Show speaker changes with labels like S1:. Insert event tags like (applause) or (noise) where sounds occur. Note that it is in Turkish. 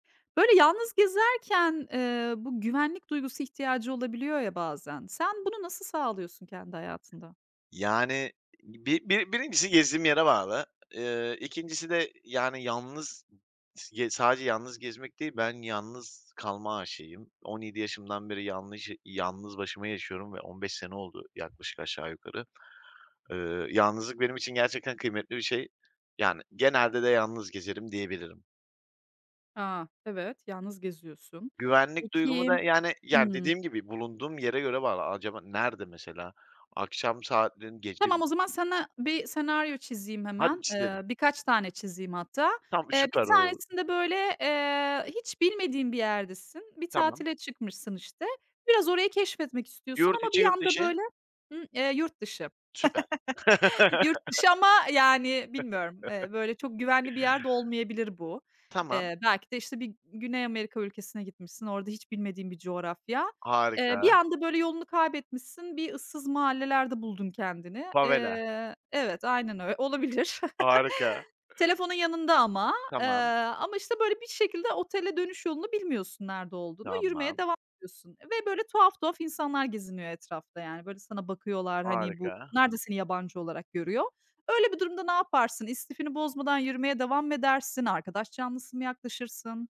S1: Böyle, yalnız gezerken, eee, bu güvenlik duygusu ihtiyacı olabiliyor ya bazen, sen bunu nasıl sağlıyorsun kendi hayatında?
S2: Yani, bir bir birincisi gezdiğim yere bağlı. Eee, 2'ncisi de, yani, yalnız s sadece yalnız gezmek değil, ben yalnız kalma aşığıyım. 17 yaşımdan beri yanlış yalnız başıma yaşıyorum ve 15 sene oldu yaklaşık aşağı yukarı. Iıı, yalnızlık benim için gerçekten kıymetli bir şey, yani, genelde de yalnız gezerim diyebilirim.
S1: Ha, evet, yalnız geziyorsun.
S2: Güvenlik duygumu
S1: Peki
S2: da, yani yani,
S1: Hımm.
S2: dediğim gibi bulunduğum yere göre var. A acaba nerede mesela? Akşam saatlerin gece
S1: Tamam,
S2: mi?
S1: o zaman sana bir senaryo çizeyim
S2: Hadi
S1: hemen. Eee,
S2: çizelim.
S1: birkaç tane çizeyim hatta.
S2: Tam
S1: Eee, bir
S2: süper. (unintelligible)
S1: tanesinde böyle, eee, hiç bilmediğin bir yerdesin. Bir
S2: Tamam.
S1: tatile çıkmışsın, işte. Biraz orayı keşfetmek istiyorsun
S2: Yurt
S1: ama
S2: içi,
S1: bir
S2: yurt
S1: anda
S2: dışı?
S1: böyle I eee, yurt dışı.
S2: Süper.
S1: (chuckles) Yurt
S2: (laughs)
S1: dışı ama, yani, bilmiyorum, eee,
S2: (laughs)
S1: böyle, çok güvenli bir yer de olmayabilir bu.
S2: Tamam.
S1: Eee, belki de, işte, bir G Güney Amerika ülkesine gitmişsin, orada hiç bilmediğin bir coğrafya. Eee, bir
S2: Harika.
S1: anda, böyle, yolunu kaybetmişsin, bir ıssız mahallelerde buldun kendini.
S2: Favela.
S1: Eee, evet, aynen ö Olabilir.
S2: Harika.
S1: (chuckles) Telefonun yanında ama, eee.
S2: Tamam.
S1: Ama, işte, böyle bir şekilde otele dönüş yolunu bilmiyorsun, nerede olduğunu. Yürümeye
S2: Tamam.
S1: devam ediyorsun ve, böyle, tuhaf tuhaf insanlar geziniyor etrafta, yani. Böyle, sana bakıyorlar. Hani, bu
S2: Harika.
S1: (unintelligible) seni yabancı olarak görüyor. Öyle bir durumda ne yaparsın? İstifini bozmadan yürümeye devam mı edersin? Arkadaş canlısı mı yaklaşırsın?